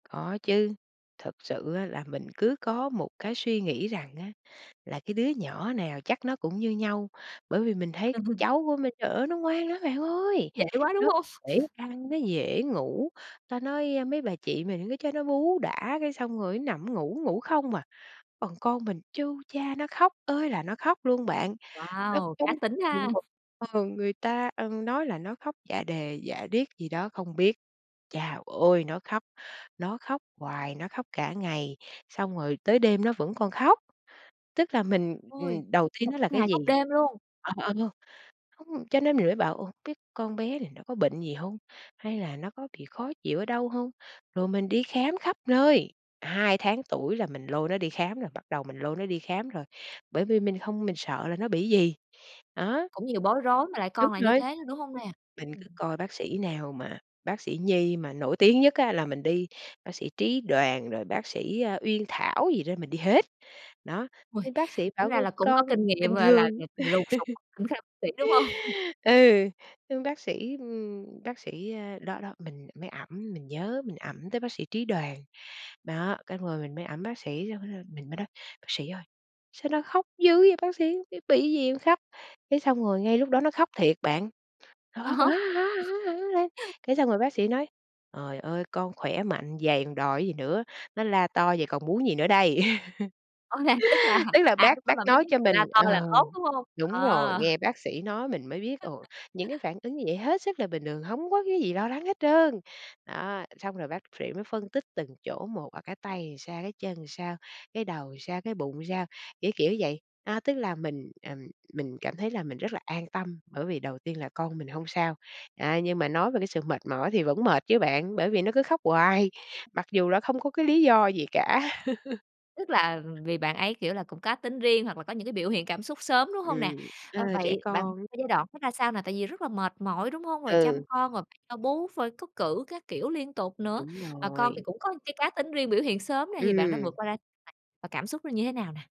Có chứ, thật sự á là mình cứ có một cái suy nghĩ rằng á là cái đứa nhỏ nào chắc nó cũng như nhau, bởi vì mình thấy Ừm hưm. cháu của mình, trời ơi nó ngoan lắm bạn ơi! Dễ quá, đúng Nó hông? dễ ăn, nó dễ ngủ, ta nói, ơ, mấy bà chị mình cứ cho nó bú đã cái xong rồi nó nằm ngủ, ngủ không à. Còn con mình chu cha nó khóc ơi là nó khóc luôn bạn, nó Wow, cá tính ha. [unintelligible] ờ, người ta, ừm, nói là nó khóc dạ đề dạ điếc gì đó không biết. Chao ôi, nó khóc, nó khóc hoài, nó khóc cả ngày, xong rồi tới đêm nó vẫn còn khóc, tức là mình, Ôi, ừm, đầu tiên còn nó là khóc cái ngày, gì? khóc đêm luôn. Ờ, ờ, không, cho nên mình Ừm. mới bảo: "Ồ, biết con bé này nó có bệnh gì hông? Hay là nó có bị khó chịu ở đâu hông?" Rồi mình đi khám khắp nơi, 2 tháng tuổi là mình lôi nó đi khám rồi, bắt đầu mình lôi nó đi khám rồi, bởi vì mình hông mình sợ là nó bị gì, đó. Cũng nhiều bối rối mà lại Đúng con lại như rồi, thế, đúng hông nè? mình cứ Ừm. coi bác sĩ nào mà bác sĩ nhi mà nổi tiếng nhất á là mình đi, bác sĩ Trí Đoàn rồi bác sĩ, a, Uyên Thảo gì đó mình đi hết, đó, Ôi, nhưng bác sĩ bảo, tính ra ơ, là cũng có con kinh bình nghiệm, gọi thường. là, [unintelligible] lùng sục [unintelligible] đúng hông? Ừ, xong bác sĩ, ừm, bác sĩ ờ, đó đó, mình mới ẵm, mình nhớ mình ẵm tới bác sĩ Trí Đoàn. Đó, cái rồi mình mới ẵm bác sĩ [unintelligible] mình mới nói: "Bác sĩ ơi, sao nó khóc dữ vậy bác sĩ? Cái bị gì khóc?" Cái xong rồi ngay lúc đó nó khóc thiệt bạn, nó À khóc: há. "Á, á, á, á" lên, cái xong rồi bác sĩ nói: "Trời ơi con khỏe mạnh vầy còn đòi gì nữa, nó la to vậy còn muốn gì nữa đây?" Rõ ràng, tức là, Tức là à, bác lúc đó bác bạn mới nói biết cho mình la to là ờ, tốt, đúng hông? đúng rồi, Ờ. nghe bác sĩ nói mình mới biết, ồ, [unintelligible] những cái phản ứng như vậy hết sức là bình thường, hông có cái gì lo lắng hết trơn. Đó, xong rồi bác phệ mới phân tích từng chỗ một, ở cái tay thì sao, cái chân sao, cái đầu sao, cái bụng sao, kiểu, kiểu vậy, a, tức là mình, ừm, mình cảm thấy là mình rất là an tâm, bởi vì đầu tiên là con mình hông sao. À, nhưng mà nói về cái sự mệt mỏi thì vẫn mệt chứ bạn, bởi vì nó cứ khóc hoài, mặc dù là không có cái lý do gì cả. Tức là vì bạn ấy, kiểu, là cũng cá tính riêng hoặc là có những cái biểu hiện cảm xúc sớm, đúng hông nè? Ừm, ơ, Ờ, trẻ vậy bạn con. ơ, giai đoạn đó ra sao nè, tại vì rất là mệt mỏi, đúng hông? Rồi chăm Ừ. con rồi bạn cho bú phơi cắt cử các kiểu liên tục nữa, Đúng mà con thì rồi. cũng có cái cá tính riêng biểu hiện sớm này thì bạn đã Ừm. vượt qua [unintelligible] và cảm xúc nó như thế nào nè?